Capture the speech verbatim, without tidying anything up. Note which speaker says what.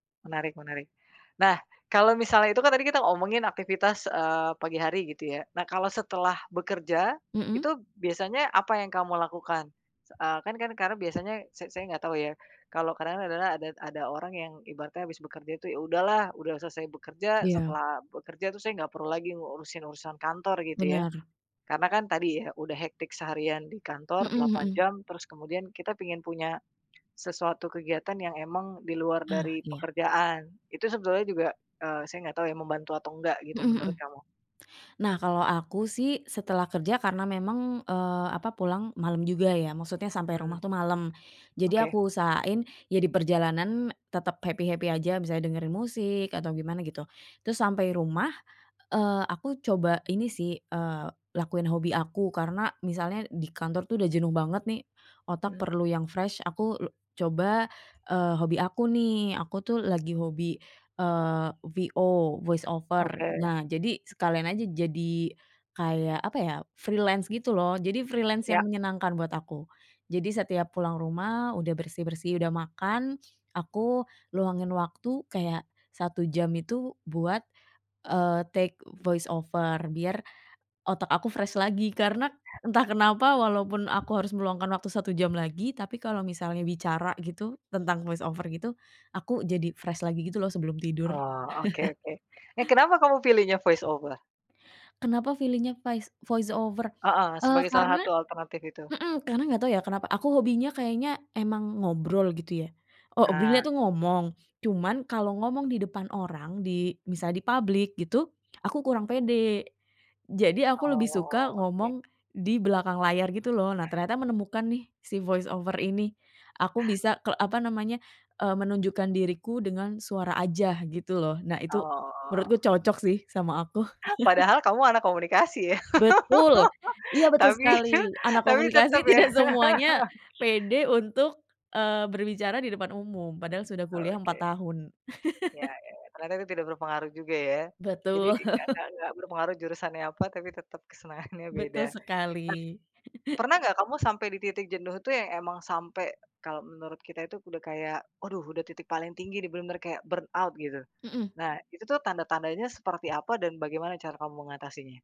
Speaker 1: Menarik menarik. Nah, kalau misalnya itu kan tadi kita ngomongin aktivitas, eee, pagi hari gitu ya. Nah, kalau setelah bekerja
Speaker 2: Mmm.
Speaker 1: itu biasanya apa yang kamu lakukan? Eee, kan kan karena biasanya sa saya enggak tahu ya kalau kadang adalah ada ada orang yang ibaratnya habis bekerja itu, "Ya udahlah, udah selesai bekerja
Speaker 2: Iya.
Speaker 1: setelah bekerja tuh saya nggak perlu lagi ngurusin urusan kantor," gitu ya.
Speaker 2: Benar.
Speaker 1: Karena kan tadi ya udah hectic seharian di kantor
Speaker 2: Mhm
Speaker 1: delapan
Speaker 2: mhm.
Speaker 1: jam terus kemudian kita pingin punya sesuatu kegiatan yang emang di luar
Speaker 2: Ah,
Speaker 1: dari
Speaker 2: iya.
Speaker 1: pekerjaan. Itu sebetulnya juga, eee, saya nggak tahu ya membantu atau enggak gitu
Speaker 2: Mhm mhm.
Speaker 1: menurut kamu.
Speaker 2: Nah kalau aku sih setelah kerja karena memang, eee, apa, pulang malam juga ya, maksudnya sampai
Speaker 1: Mmm.
Speaker 2: rumah tuh malem. Jadi
Speaker 1: Oke.
Speaker 2: aku usahain ya diperjalanan tetep happy-happy aja, misalnya dengerin musik atau gimana gitu. Terus sampai rumah, eee, aku coba ini sih, eee, lakuin hobi aku karena misalnya di kantor tuh udah jenuh banget nih otak
Speaker 1: Mmm.
Speaker 2: perlu yang fresh aku lu coba, eee, hobi aku nih. Aku tuh lagi hobi, eee, VO, voice over.
Speaker 1: Oke.
Speaker 2: Nah, jadi sekalian aja jadi kayak apa ya, freelance gitu loh. Jadi freelance
Speaker 1: Ya.
Speaker 2: yang menyenangkan buat aku. Jadi setiap pulang rumah udah bersih-bersih, udah makan aku luangin waktu kayak satu jam itu buat, eee, take voice over biar otak aku fresh lagi. Karena entah kenapa walaupun aku harus meluangkan waktu satu jam lagi, tapi kalau misalnya bicara gitu tentang voice over gitu aku jadi fresh lagi gitu loh sebelum tidur.
Speaker 1: Oh, oke oke. Eh, kenapa kamu pilihnya voice over?
Speaker 2: Kenapa pilihnya vais voice over,
Speaker 1: Heeh,
Speaker 2: eee,
Speaker 1: sebagai salah
Speaker 2: karena
Speaker 1: satu alternatif itu.
Speaker 2: mhm, karena nggak tau ya kenapa, aku hobinya kayaknya emang ngobrol gitu ya. obilya
Speaker 1: Ah.
Speaker 2: tuh ngomong, cuman kalau ngomong di depan orang di misalnya di public gitu aku kurang pede. Jadi aku lebih suka
Speaker 1: Oke.
Speaker 2: ngomong di belakang layar gitu loh. Nah, ternyata menemukan nih si voice over ini aku bisa kel apa namanya, eee, menunjukkan diriku dengan suara aja gitu loh. Nah, itu
Speaker 1: Oh.
Speaker 2: menurutku cocok sih sama aku.
Speaker 1: Padahal kamu anak komunikasi ya.
Speaker 2: Betul! Iya betul
Speaker 1: Tapi
Speaker 2: sekali, anak
Speaker 1: tapi tetep
Speaker 2: komunikasi
Speaker 1: ya.
Speaker 2: tidak semuanya pede untuk, eee, berbicara di depan umum, padahal sudah kuliah empat
Speaker 1: Oke.
Speaker 2: tahun.
Speaker 1: Ya ya, karena kan itu tidak berpengaruh juga ya. Jadi
Speaker 2: Betul.
Speaker 1: nggak nggak nggak berpengaruh jurusannya apa tapi tetep kesenangannya beda.
Speaker 2: Betul
Speaker 1: Per
Speaker 2: sekali.
Speaker 1: pernah nggak kamu sampai di titik jenuh tuh yang emang sampai, kalau menurut kita itu udah kayak, aduh udah titik paling tinggi bener-bener kayak burnout gitu.
Speaker 2: Mmm.
Speaker 1: Nah, itu tuh tanda-tandanya seperti apa dan bagaimana cara kamu mengatasinya?